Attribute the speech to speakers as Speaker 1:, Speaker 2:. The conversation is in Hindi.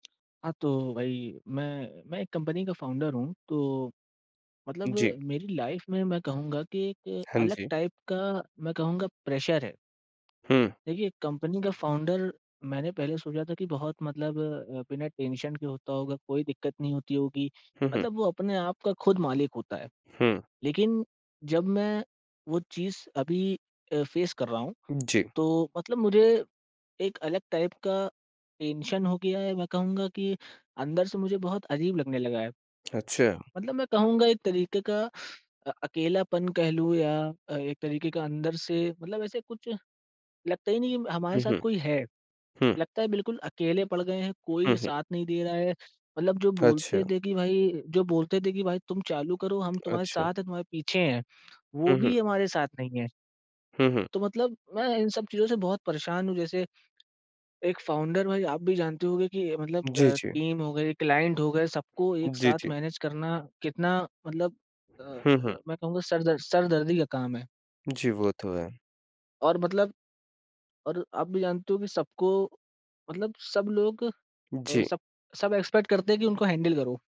Speaker 1: हाँ, तो भाई मैं मैं एक कंपनी का फ़ाउंडर हूँ। तो मतलब
Speaker 2: जी।
Speaker 1: मेरी लाइफ़ में मैं कहूँगा कि एक
Speaker 2: हाँ
Speaker 1: अलग
Speaker 2: जी।
Speaker 1: टाइप का मैं कहूँगा प्रेशर है।
Speaker 2: हुँ।
Speaker 1: देखिए कंपनी का फ़ाउंडर मैंने पहले सोचा था कि बहुत मतलब अ, बिना टेंशन के होता होगा, कोई दिक़्क़त नहीं होती होगी
Speaker 2: हुँ, हुँ।
Speaker 1: मतलब वो अपने आप का ख़ुद मालिक होता है।
Speaker 2: हुँ।
Speaker 1: लेक़िन जब मैं वो चीज़ अभी अ, फ़ेस कर रहा हूँ,
Speaker 2: उ, जी।
Speaker 1: तो मतलब मुझे एक अलग टाइप का टेंशन हो गया है मैं कहूँगा कि अंदर से मुझे बहुत अजीब लगने लगा है।
Speaker 2: अच्छा।
Speaker 1: मतलब मैं कहूँगा एक तरीक़े का अ, अकेलापन कह लूँ या अ, एक तरीक़े का अंदर से मतलब ऐसे कुछ लगता ही नहीं है हमारे
Speaker 2: हुँ,
Speaker 1: साथ
Speaker 2: हुँ।
Speaker 1: कोई है।
Speaker 2: हुँ।
Speaker 1: लगता है बिल्कुल अकेले पड़ गए हैं
Speaker 2: हुँ,
Speaker 1: कोई
Speaker 2: हुँ।
Speaker 1: साथ नहीं दे रहा है, मतलब जो
Speaker 2: अच्छा।
Speaker 1: बोलते थे कि भाई जो बोलते थे कि भाई तुम चालू करो हम तुम्हारे
Speaker 2: अच्छा।
Speaker 1: साथ हैं तुम्हारे पीछे हैं वो
Speaker 2: हुँ, हुँ।
Speaker 1: भी हमारे साथ नहीं है।
Speaker 2: हुँ, हुँ।
Speaker 1: तो मतलब मैं इन सब चीज़ों से बहुत परेशान हूँ। जैसे एक फ़ाउंडर भाई आप भी जानते होंगे कि मतलब
Speaker 2: जी,
Speaker 1: अ,
Speaker 2: जी।
Speaker 1: टीम हो गई क्लाइंट हो गए सबको एक
Speaker 2: जी,
Speaker 1: साथ
Speaker 2: जी।
Speaker 1: मैनेज करना कितना मतलब अ
Speaker 2: हुँ, हुँ।
Speaker 1: अ, मैं कहूँगा सर दर्द सरदर्दी का काम है।
Speaker 2: जी, वो तो है।
Speaker 1: और मतलब और आप भी जानते हो कि सबको मतलब सब लोग अ,
Speaker 2: जी।
Speaker 1: सब सब एक्सपेक्ट करते हैं कि उनको हैंडल करो।